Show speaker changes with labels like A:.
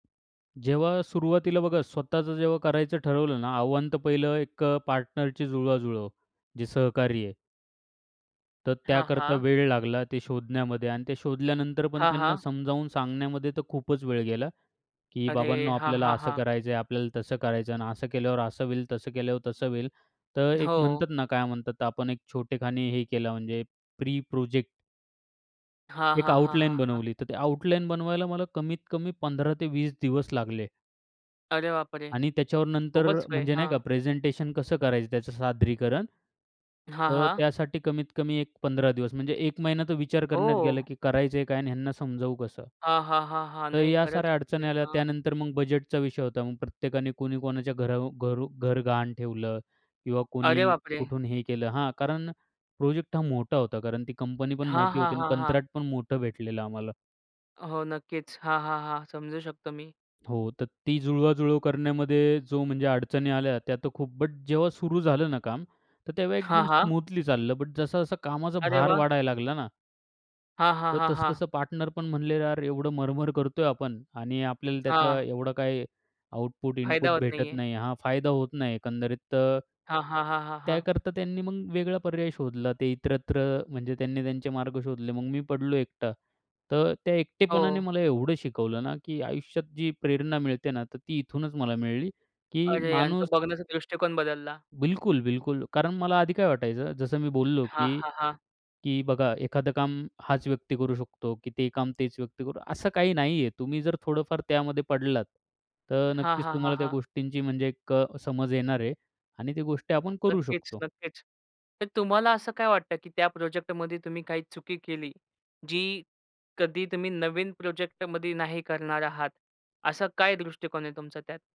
A: जेव्हा सुरुवातीला बघा, स्वतःचं जेव्हा करायचं ठरवलं ना आव्हान, तर पहिलं एक अ, पार्टनरची जुळवाजुळव, जे सहकारी आहे. तर
B: हां,
A: त्याकरता
B: हां.
A: वेळ लागला ते शोधण्यामध्ये आणि ते शोधल्यानंतर पण
B: हां,
A: त्यांना
B: हां.
A: समजावून सांगण्यामध्ये तर खूपच वेळ गेला, की
B: अरे!
A: "बाबांनो,
B: हां,
A: आपल्याला
B: हां,
A: असं
B: हां.
A: करायचं आहे, आपल्याला तसं करायचं आहे आणि असं केल्यावर असं होईल, तसं केल्यावर तसं होईल." तर एक
B: हो.
A: म्हणतात ना, काय म्हणतात आपण, एक छोटेखानी हे केलं म्हणजे प्री प्रोजेक्ट.
B: हां,
A: एक
B: हां, हां,
A: आउटलाईन
B: हां, हां.
A: बनवली. तर ते आउटलाईन बनवायला मला कमीत कमी 15 ते 20 दिवस लागले.
B: अरे बापरे!
A: आणि त्याच्यावर नंतर
B: खूपच वेळ.
A: म्हणजे नाही का,
B: हां.
A: प्रेझेंटेशन कसं करायचं त्याचं सादरीकरण,
B: हां,
A: अ,
B: हां.
A: त्यासाठी कमीत कमी एक 15 दिवस, म्हणजे 1 महिना तर विचार करण्यात गेला,
B: हो.
A: की करायचंय काय आणि ह्यांना समजावू कसं?
B: हां, हां, हां, हां.
A: तर
B: नाही
A: या
B: खरंच
A: साऱ्या
B: म्हणजे
A: अडचणी आल्या.
B: हां.
A: त्यानंतर मग बजेटचा विषय होता. मग प्रत्येकाने कुणी कोणाच्या घरावर घरू घर गहाण ठेवलं किंवा
B: अरे
A: कोणी
B: बापरे!
A: कुठून हे केलं हां, कारण प्रोजेक्ट हा मोठा होता कारण ती कंपनी पण
B: हां,
A: मोठी
B: हां,
A: होती आणि
B: हां, हां.
A: कंत्राट पण मोठं भेटलं आम्हाला.
B: हो, नक्कीच. हां, हां, हां. समजू शकतो मी.
A: हो, तर ती जुळवाजुळव करण्यामध्ये जो म्हणजे अडचणी आल्या, त्या तर खूप. बट, जेव्हा सुरू झालं ना काम, तर तेव्हा
B: हां,
A: एकदम
B: हां.
A: स्मूथली चाललं. बट, जसा-जसा कामाचा
B: अरे
A: भार
B: वाह!
A: वाढायला लागला ना
B: हां, हां,
A: तर
B: हां, हां.
A: तसं-तसं पार्टनर पण म्हणाले, "यार, एवढं मरमर करतोय आपण आणि आपल्याला त्याचा
B: हां.
A: एवढं काही आउटपुट
B: फायदा
A: इनपुट
B: होत नाही
A: भेटत
B: आहे.
A: नाही." हां, फायदा होत नाही एकंदरीत. तर
B: हां, हां, हां, हां, हां.
A: त्याकरता त्यांनी मग वेगळा पर्याय शोधला. ते इतरत्र म्हणजे त्यांनी त्यांचे मार्ग शोधले. मग मी पडलो एकटा. तर त्या एकटेपणाने
B: हो.
A: मला एवढं शिकवलं ना, की आयुष्यात जी प्रेरणा मिळते ना, तर ती इथूनच मला मिळली की
B: अरे आणि तो
A: माणूस
B: बघण्याचा दृष्टिकोन बदलला.
A: बिलकुल, बिलकुल. कारण मला आधी काय वाटायचं, जसं मी बोललो,
B: हां,
A: की
B: हां, हां.
A: की बघा, एखादं काम हाच व्यक्ती करू शकतो, की ते काम तेच व्यक्ती करू. असं काही नाहीये. तुम्ही जर थोडंफार त्यामध्ये पडलात, तर
B: हां,
A: नक्कीच
B: हां, हां,
A: तुम्हाला त्या
B: हां.
A: गोष्टींची म्हणजे एक समज येणार आहे आणि ती गोष्टी आपण करू
B: नक्कीच,
A: शकतो.
B: नक्कीच. तर तुम्हाला असं काय वाटतं, की त्या प्रोजेक्टमध्ये तुम्ही काही चुकी केली, जी कधी तुम्ही नवीन प्रोजेक्टमध्ये नाही करणार आहात, असा काय दृष्टिकोन आहे तुमचा त्यात?